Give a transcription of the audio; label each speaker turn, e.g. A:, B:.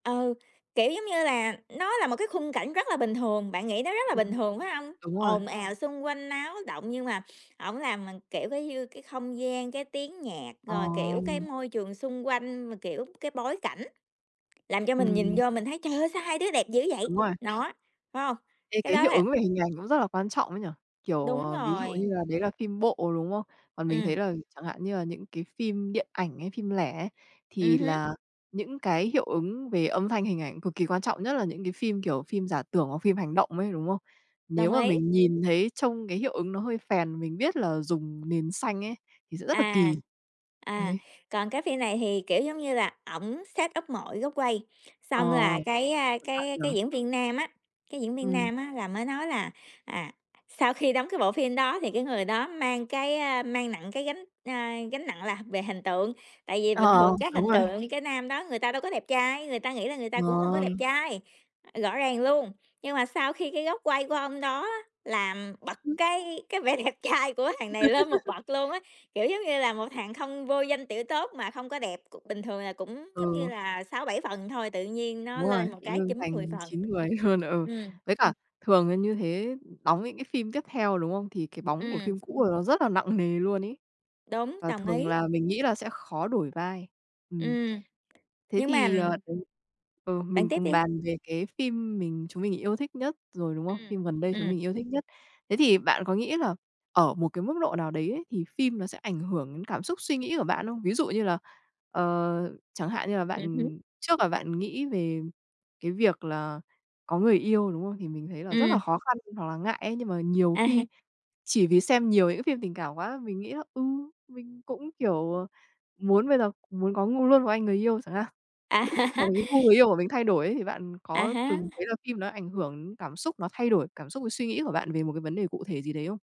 A: Ừ, kiểu, giống như là nó là một cái khung cảnh rất là bình thường, bạn nghĩ nó rất là bình
B: Ừm,
A: thường, phải hông?
B: đúng rồi.
A: Ồn ào, xung quanh náo động nhưng mà ổng làm mình, kiểu, cái như cái không gian, cái tiếng nhạc, rồi,
B: Ồ.
A: kiểu, cái môi trường xung quanh mà, kiểu, cái bối cảnh, làm cho mình nhìn
B: Ừm.
A: vô mình thấy "Trời ơi, sao hai đứa đẹp dữ vậy".
B: Đúng rồi.
A: Đó, phải không,
B: Thế
A: cái
B: cái
A: đó
B: hiệu
A: là
B: ứng về hình ảnh cũng rất là quan trọng ấy nhỉ, kiểu,
A: Đúng
B: ờ, ví dụ
A: rồi!
B: như là đấy là phim bộ, đúng không? Còn mình thấy
A: Ừm.
B: là chẳng hạn như là những cái phim điện ảnh hay phim lẻ ấy,
A: Ừm
B: thì
A: hứm.
B: là những cái hiệu ứng về âm thanh hình ảnh cực kỳ quan trọng, nhất là những cái phim, kiểu, phim giả tưởng hoặc phim hành động ấy, đúng không?
A: Đồng
B: Nếu mà
A: ý!
B: mình nhìn thấy trông cái hiệu ứng nó hơi phèn, mình biết là dùng nền xanh ấy, thì sẽ rất là
A: À,
B: kỳ.
A: à,
B: Đấy.
A: còn cái phim này thì, kiểu, giống như là ổng setup mọi góc quay.
B: Ờ,
A: Xong là cái, a,
B: cẩn thận
A: cái cái
B: nhỉ.
A: diễn viên nam á, cái diễn viên
B: Ừm.
A: nam á là mới nói là, à, sau khi đóng cái bộ phim đó thì cái người đó mang cái, ơ, mang nặng cái gánh, a, gánh nặng là về hình tượng, tại vì bình
B: Ờ,
A: thường chắc
B: đúng
A: hình
B: rồi.
A: tượng cái nam đó người ta đâu có đẹp trai, người ta nghĩ là người ta cũng hông có đẹp
B: Ờ.
A: trai, rõ ràng luôn. Nhưng mà sau khi cái góc quay của ông đó á làm bật cái cái vẻ đẹp trai của thằng này lên một bậc luôn á, kiểu giống như là một thằng không vô danh tiểu tốt mà không có đẹp, cũng bình thường là cũng giống như
B: Ờ.
A: là 6, 7 phần thôi, tự nhiên nó
B: Đúng rồi,
A: lên một
B: tự
A: cái
B: dưng
A: 9, 10
B: thành
A: phần,
B: 9, 10 luôn, ừ.
A: ừm.
B: Với cả thường là như thế đóng những cái phim tiếp theo, đúng không? Thì cái bóng của
A: Ừm.
B: phim cũ của là nó rất là nặng nề luôn ấy.
A: Đúng,
B: Và
A: đồng
B: thường
A: ý!
B: là mình nghĩ là sẽ khó đổi vai. Ừm.
A: Ừm,
B: Thế
A: nhưng mà
B: thì, ờ, đấy ừ,
A: bạn
B: mình
A: tiếp
B: cùng
A: đi.
B: bàn về cái phim mình chúng mình yêu thích nhất rồi, đúng không?
A: Ừm,
B: Phim gần đây chúng
A: ừm.
B: mình yêu thích nhất. Thế thì bạn có nghĩ là ở một cái mức độ nào đấy ấy thì phim nó sẽ ảnh hưởng đến cảm xúc suy nghĩ của bạn không? Ví dụ như là, ờ, chẳng hạn như là
A: Ừm hứm.
B: bạn, trước là bạn nghĩ về cái việc là có người yêu, đúng không? Thì mình thấy là rất là
A: Ừm.
B: khó khăn hoặc là ngại ấy, nhưng mà nhiều
A: À ha.
B: khi chỉ vì xem nhiều những cái phim tình cảm quá, mình nghĩ là, ừ, mình cũng, kiểu, à, muốn bây giờ muốn có ngu luôn một anh người yêu chẳng hạn.
A: À.
B: Hoặc là cái gu người yêu của mình thay đổi ấy, thì bạn
A: À
B: có
A: há.
B: từng thấy là phim nó ảnh hưởng cảm xúc, nó thay đổi cảm xúc với suy nghĩ của bạn về một cái vấn đề cụ thể gì đấy không?